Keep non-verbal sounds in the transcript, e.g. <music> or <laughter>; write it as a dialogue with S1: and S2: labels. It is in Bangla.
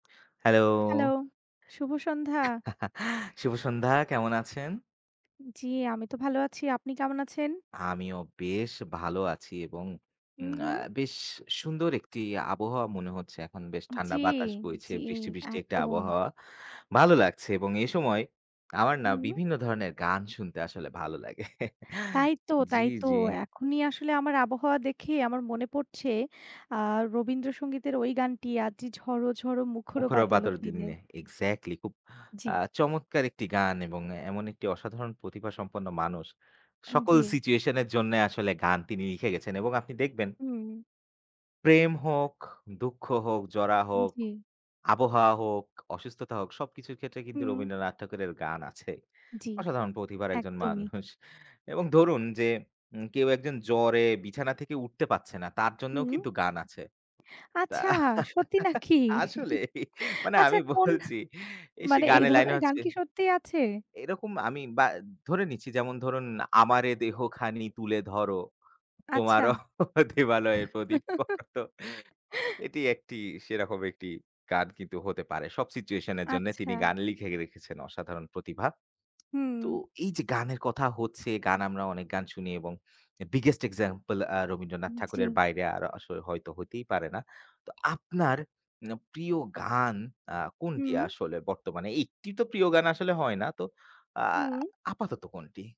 S1: Hello!
S2: Hello! শুভ সন্ধ্যা।
S1: <chuckles> শুভ সন্ধ্যা কেমন আছেন?
S2: জি, আমি তো ভালো আছি। আপনি কেমন আছেন?
S1: আমিও বেশ ভালো আছি এবং উম
S2: হুম,
S1: আ
S2: হুম।
S1: বেশ সুন্দর একটি আবহাওয়া মনে হচ্ছে। এখন বেশ ঠান্ডা
S2: জি,
S1: বাতাস বইছে।
S2: জি,
S1: বৃষ্টি, বৃষ্টি একটা
S2: একদম।
S1: আবহাওয়া। ভালো লাগছে এবং এই সময় আমার না
S2: হুম।
S1: বিভিন্ন ধরনের গান শুনতে আসলে ভাল লাগে। <chuckles>
S2: তাই তো,
S1: জি,
S2: তাই তো
S1: জি।
S2: এখনই আসলে আমার আবহাওয়া দেখেই আমার মনে পড়ছে আ রবীন্দ্রসঙ্গীতের ঐ গানটি 'আজই ঝড় ঝড় মুখর
S1: মুখর
S2: বাদলের
S1: বাদর
S2: দিনে।'
S1: দিনে exactly আ খুব
S2: জি।
S1: চমৎকার একটি গান এবং এমন একটি অসাধারণ প্রতিভা সম্পন্ন মানুষ।
S2: আন
S1: সকল
S2: জি।
S1: situation এর জন্য আসলে গান তিনি লিখে গেছেন এবং আপনি দেখবেন
S2: হুম।
S1: প্রেম হোক, দুঃখ হোক, জরা হোক,
S2: জি।
S1: আবহাওয়া হোক, অসুস্থতা হোক সব কিছুর ক্ষেত্রে কিন্তু
S2: হুম।
S1: রবীন্দ্রনাথ ঠাকুরের গান আছে।
S2: জি,
S1: অসাধারণ প্রতিভার একজন <scoffs>
S2: একদমই।
S1: মানুষ এবং ধরুন যে, কেউ একজন জ্বরে বিছানা থেকে উঠতে পারছে না তার জন্যও
S2: হুম।
S1: কিন্তু গান আছে। তা।
S2: আচ্ছা সত্যি নাকি?
S1: আসলেই মানে
S2: আচ্ছা
S1: আমি
S2: কোন
S1: বলছি এই সে
S2: মানে এই
S1: গানের লাইন
S2: ধরনের গান
S1: আছে।
S2: কি সত্যিই আছে?
S1: এরকম আমি বা ধরে নিচ্ছি যেমন ধরুন 'আমারে দেহখানি তুলে ধরো,
S2: আচ্ছা।
S1: তোমারও দেবালয়ের প্রদীপ।' তো
S2: <chuckles>
S1: এটি একটি সেরকম একটি গান কিন্তু হতে পারে। সব situation এর জন্যে
S2: আচ্ছা।
S1: তিনি গান লিখে রেখেছেন অসাধারণ প্রতিভা। তো
S2: হুম।
S1: এই যে, গানের কথা হচ্ছে গান আমরা অনেক গান শুনি এবং biggest example আ রবীন্দ্রনাথ
S2: উম জি।
S1: ঠাকুরের বাইরে আরও আসলে হয়তো হতেই পারে না। তো আপনার উম প্রিয় গান আ কোনটি
S2: হুম।
S1: আসলে বর্তমানে একটি তো প্রিয় গান আসলে হয় না। তো আ
S2: হুম।
S1: আপাতত কোনটি?